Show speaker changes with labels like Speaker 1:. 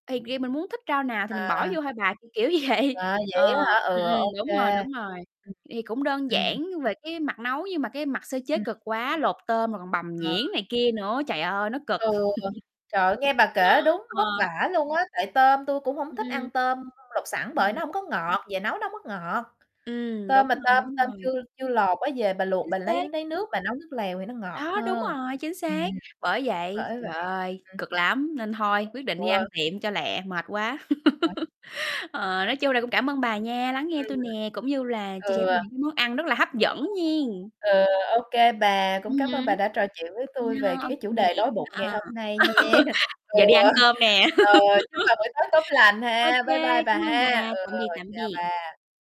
Speaker 1: Thì vì mình muốn thích rau nào thì mình bỏ
Speaker 2: À.
Speaker 1: vô thôi bà, kiểu, kiểu vậy.
Speaker 2: À, vậy
Speaker 1: Ờ,
Speaker 2: á
Speaker 1: ừm,
Speaker 2: hả? Ừ,
Speaker 1: ừm,
Speaker 2: Ô
Speaker 1: đúng rồi,
Speaker 2: kê.
Speaker 1: đúng rồi,
Speaker 2: Ừm.
Speaker 1: thì thì cũng đơn
Speaker 2: Ừm.
Speaker 1: giản về cái mặt nấu nhưng mà cái mặt sơ chế
Speaker 2: Ừm.
Speaker 1: cực quá, lột tôm rồi còn bằm
Speaker 2: Ờ.
Speaker 1: nhuyễn này kia nữa, trời ơi, nó cực.
Speaker 2: Ừ, trời ơi, nghe bà kể đúng vất
Speaker 1: Ờ.
Speaker 2: vả luôn á, tại tôm tui cũng hổng
Speaker 1: Ừm,
Speaker 2: thích ăn
Speaker 1: ừm.
Speaker 2: tôm lột sẵn bởi nó
Speaker 1: [unintelligible]
Speaker 2: hông có ngọt, về nấu nó hông có ngọt.
Speaker 1: Ừm,
Speaker 2: Tôm
Speaker 1: đúng
Speaker 2: mà
Speaker 1: rồi,
Speaker 2: tôm
Speaker 1: đúng
Speaker 2: tôm
Speaker 1: rồi.
Speaker 2: chưa chưa lột á, về bà luộc
Speaker 1: Chính
Speaker 2: bà lấy
Speaker 1: xác.
Speaker 2: lấy nước bà nấu nước lèo thì nó ngọt
Speaker 1: Đó, đúng
Speaker 2: hơn.
Speaker 1: rồi, chính
Speaker 2: Ừm,
Speaker 1: xác! Bởi vậy,
Speaker 2: bởi vậy,
Speaker 1: trời ơi,
Speaker 2: ừm.
Speaker 1: cực lắm, nên thôi, quyết định đi ăn
Speaker 2: Ừ.
Speaker 1: tiệm cho lẹ, mệt quá.
Speaker 2: Đấy.
Speaker 1: Ờ, nói chung là cũng cảm ơn bà nha, lắng nghe
Speaker 2: Ừm.
Speaker 1: tui nè, cũng như là chia sẻ
Speaker 2: Ừ.
Speaker 1: tui những cái món ăn rất là hấp dẫn nhen.
Speaker 2: Ờ, OK bà, cũng
Speaker 1: Ừm
Speaker 2: cám ơn
Speaker 1: hứm.
Speaker 2: bà đã trò chuyện với tui về
Speaker 1: Ờ, OK
Speaker 2: cái chủ
Speaker 1: nè,
Speaker 2: đề đói bụng ngày
Speaker 1: à,
Speaker 2: hôm nay nha. Ờ,
Speaker 1: giờ đi ăn cơm nè.
Speaker 2: ờ, chúc bà buổi tối tốt lành
Speaker 1: Ô
Speaker 2: ha. Bye bye
Speaker 1: kê,
Speaker 2: bà
Speaker 1: cảm ơn
Speaker 2: ha.
Speaker 1: bà,
Speaker 2: Ừ,
Speaker 1: tạm biệt, tạm
Speaker 2: chào
Speaker 1: biệt.
Speaker 2: bà.